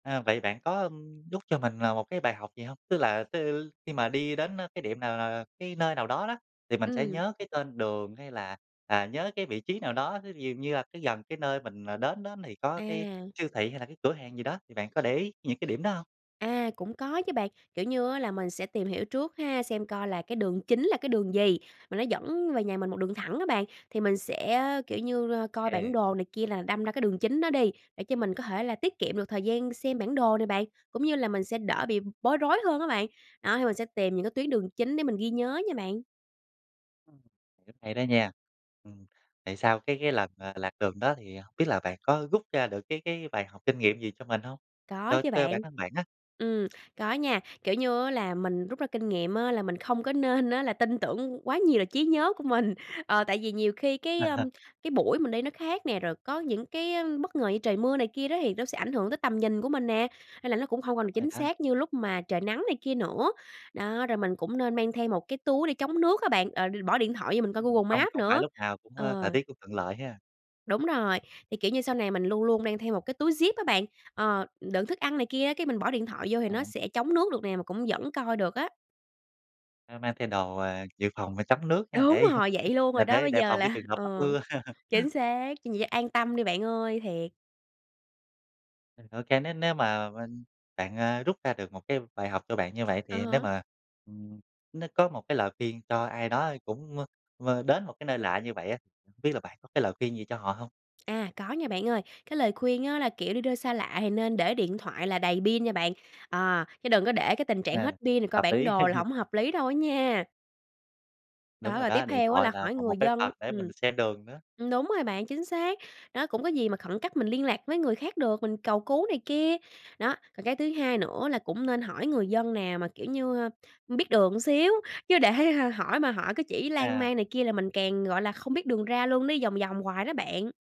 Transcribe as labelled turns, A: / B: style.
A: À, vậy bạn có, ờm, rút cho mình là một cái bài học gì hông? Tức là tứ khi mà đi đến, ơ, cái điểm nào, ờ, cái nơi nào đó đó, thì mình sẽ
B: Ừm.
A: nhớ cái tên đường hay là, à, nhớ cái vị trí nào đó, ví dụ như là gần cái nơi mình, ờ, đến đó thì có cái
B: À.
A: siêu thị hay là cái cửa hàng gì đó, thì bạn có để ý những cái điểm đó hông?
B: À, cũng có chứ bạn, kiểu như á là mình sẽ tìm hiểu trước ha, xem coi là cái đường chính là cái đường gì mà nó dẫn về nhà mình một đường thẳng á bạn. Thì mình sẽ, kiểu như, coi
A: Ừ.
B: bản đồ này kia là đâm ra cái đường chính đó đi, để cho mình có thể là tiết kiệm được thời gian xem bản đồ nè bạn, cũng như là mình sẽ đỡ bị b bối rối hơn á bạn. Đó, thì mình sẽ tìm những cái tuyến đường chính để mình ghi nhớ nha bạn.
A: Ừm, rất hay đó nha. Ừm, tại sao cái cái lần, ờ, lạc đường đó thì hông biết là bạn có rút ra được cái cái bài học kinh nghiệm gì cho mình hông?
B: Có
A: Cho
B: chứ
A: cho bản
B: bạn.
A: thân bạn á.
B: Ừm, có nha, kiểu như á là mình rút ra kinh nghiệm á là mình không có nên á là tin tưởng quá nhiều là trí nhớ của mình. Ờ, tại vì nhiều khi cái, ưm, cái buổi mình đi nó khác nè, rồi có những cái á, bất ngờ như trời mưa này kia đó thì nó sẽ ảnh hưởng tới tầm nhìn của mình nè, nên là nó cũng hông
A: Đúng
B: còn
A: rồi
B: chính
A: đó.
B: xác như lúc mà trời nắng này kia nữa. Đó, rồi mình cũng nên mang thêm một cái túi để chống nước á bạn, ờ, bỏ điện thoại vô mình coi
A: Ừm,
B: Google
A: không
B: Maps
A: không phải
B: nữa.
A: lúc nào cũng, ơ, thời
B: Ờ.
A: tiết cũng thuận lợi ha.
B: Đúng rồi, thì, kiểu như, sau này mình luôn luôn mang theo một cái túi zip á bạn. Ờ, đựng thức ăn này kia á, cái, mình bỏ điện thoại vô thì nó
A: À.
B: sẽ chống nước được nè mà cũng vẫn coi được á.
A: Mang mang thay đồ, ờ, dự phòng và chống nước nha,
B: Đúng
A: để, ừ,
B: rồi, vậy luôn
A: ờ,
B: rồi đó,
A: để
B: bây
A: đề
B: giờ
A: phòng cái
B: là
A: trường hợp mắc
B: ừ,
A: mưa.
B: chính xác, vậy an tâm đi bạn ơi, thiệt.
A: Ừ, OK, nếu nếu mà bên bạn, ơ, rút ra được một cái bài học cho bạn như vậy
B: À
A: thì nếu
B: há.
A: mà, ừm, nếu có một cái lời khuyên cho ai đó cũng, ơ, ờ, đến một cái nơi lạ như vậy á, hổng biết là bạn có cái lời khuyên gì cho họ hông?
B: À, có nha bạn ơi, cái lời khuyên á, là, kiểu, đi đâu xa lạ thì nên để điện thoại là đầy pin nha bạn. Ờ, chứ đừng có để cái tình trạng
A: Ờ,
B: hết pin rồi coi
A: hợp
B: bản
A: lý.
B: đồ là hổng hợp lý đâu á nha.
A: Đúng
B: Đó,
A: rồi
B: rồi
A: đó,
B: tiếp
A: điện
B: theo á
A: thoại
B: là
A: là
B: hỏi
A: một một
B: người
A: cái
B: dân
A: vật để mình
B: ừm,
A: xem đường nữa.
B: ừm, đúng rồi bạn, chính xác, đó, cũng có gì mà khẩn cấp mình liên lạc với người khác được, mình cầu cứu này kia. Đó, còn cái thứ hai nữa là cũng nên hỏi người dân nào mà, kiểu như, ơ, biết đường xíu, chứ để hỏi mà hỏi cái chỉ lan
A: À.
B: man này kia là mình càng, gọi là, không biết đường ra luôn, đi vòng vòng hoài đó bạn.